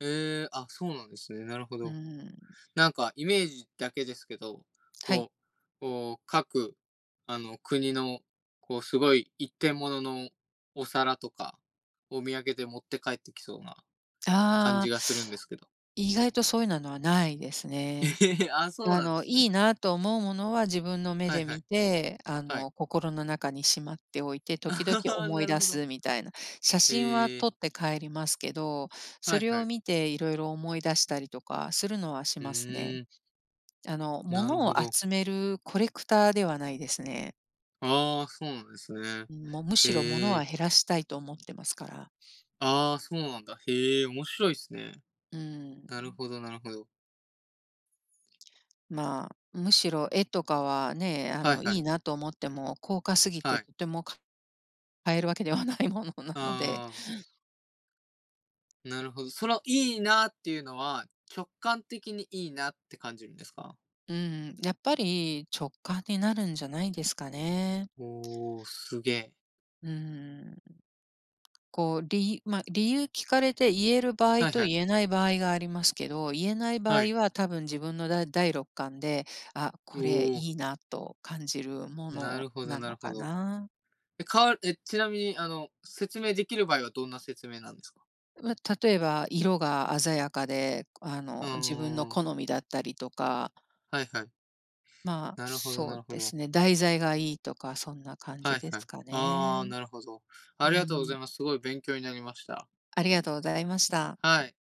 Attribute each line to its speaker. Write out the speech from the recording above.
Speaker 1: ええ、あ、そうなんですね、なるほ
Speaker 2: う
Speaker 1: ど。
Speaker 2: ーん。
Speaker 1: なんかイメージだけですけど、
Speaker 2: はい。
Speaker 1: こうこう、各あの国の、こう、すごい一点もののお皿とか、お土産で持って帰ってきそうな感
Speaker 2: ああ。
Speaker 1: じがするんですけど。
Speaker 2: 意外とそういうなのはないですね。
Speaker 1: え あ、そう
Speaker 2: あ
Speaker 1: なんで
Speaker 2: の、
Speaker 1: す
Speaker 2: い
Speaker 1: ね。
Speaker 2: いなと思うものは自分の目
Speaker 1: はい
Speaker 2: で
Speaker 1: はい、
Speaker 2: 見て、あ
Speaker 1: はい。
Speaker 2: の、心の中にしまっておいて
Speaker 1: あ
Speaker 2: 時々
Speaker 1: はは
Speaker 2: 思い
Speaker 1: なる
Speaker 2: 出
Speaker 1: ほど。
Speaker 2: すみたいな。写真は
Speaker 1: へえ。
Speaker 2: 撮って帰りますけど
Speaker 1: は
Speaker 2: そ
Speaker 1: い
Speaker 2: れ
Speaker 1: は
Speaker 2: を
Speaker 1: い。
Speaker 2: 見て色々思い出したりとかするのはし
Speaker 1: ふ
Speaker 2: ますね。
Speaker 1: うん。
Speaker 2: あの、
Speaker 1: なる
Speaker 2: 物
Speaker 1: ほ
Speaker 2: を
Speaker 1: ど。
Speaker 2: 集めるコレクターではないですね。
Speaker 1: ああ、そうなんですね。
Speaker 2: うん。もう、むしろ物
Speaker 1: へ
Speaker 2: は
Speaker 1: え。
Speaker 2: 減らしたいと思ってますから。
Speaker 1: ああ、そうなんだ。へえ、面白いっすね。
Speaker 2: うー
Speaker 1: なる
Speaker 2: ん。
Speaker 1: ほどなるほど。
Speaker 2: まあ、むしろ絵とかはね、あ
Speaker 1: はい
Speaker 2: の、い
Speaker 1: はい。
Speaker 2: いなと思っても高価すぎ
Speaker 1: は
Speaker 2: て
Speaker 1: い。
Speaker 2: とてもか買えるわけではないものなので。
Speaker 1: ああ。なるほど、そのいいなあっていうのは直感的にいいなって感じるんですか？
Speaker 2: うーん、やっぱり直感になるんじゃないですかね。
Speaker 1: おお、すげえ。
Speaker 2: うーん、こう、りまあ、理由聞かれて言える場合
Speaker 1: はい
Speaker 2: と
Speaker 1: はい。
Speaker 2: 言えない場合がありますけど。言えない場
Speaker 1: はい。
Speaker 2: 合は多分自分のだ第六感で、あ、
Speaker 1: お
Speaker 2: これ
Speaker 1: お。
Speaker 2: いいなと感じるも
Speaker 1: な
Speaker 2: の
Speaker 1: るほど
Speaker 2: な
Speaker 1: なる
Speaker 2: の
Speaker 1: ほ
Speaker 2: か
Speaker 1: ど。
Speaker 2: な？
Speaker 1: え、かわるえ、ちなみに、あの、説明できる場合はどんな説明なんですか。
Speaker 2: ま、例えば色が鮮やかで、あ
Speaker 1: う
Speaker 2: の、自分の
Speaker 1: ーん。
Speaker 2: 好みだったりとか
Speaker 1: はいはい。
Speaker 2: まあ、
Speaker 1: なるほど
Speaker 2: そ
Speaker 1: な
Speaker 2: う
Speaker 1: るほ
Speaker 2: で
Speaker 1: ど。
Speaker 2: すね。題材がいいとかそんな感
Speaker 1: は
Speaker 2: じ
Speaker 1: い
Speaker 2: で
Speaker 1: はい。
Speaker 2: すか
Speaker 1: ああ、
Speaker 2: ね。
Speaker 1: なるほど。
Speaker 2: う
Speaker 1: ありがとうご
Speaker 2: ん。
Speaker 1: ざいます。すごい勉強になりました。
Speaker 2: ありがとうございました。
Speaker 1: はい。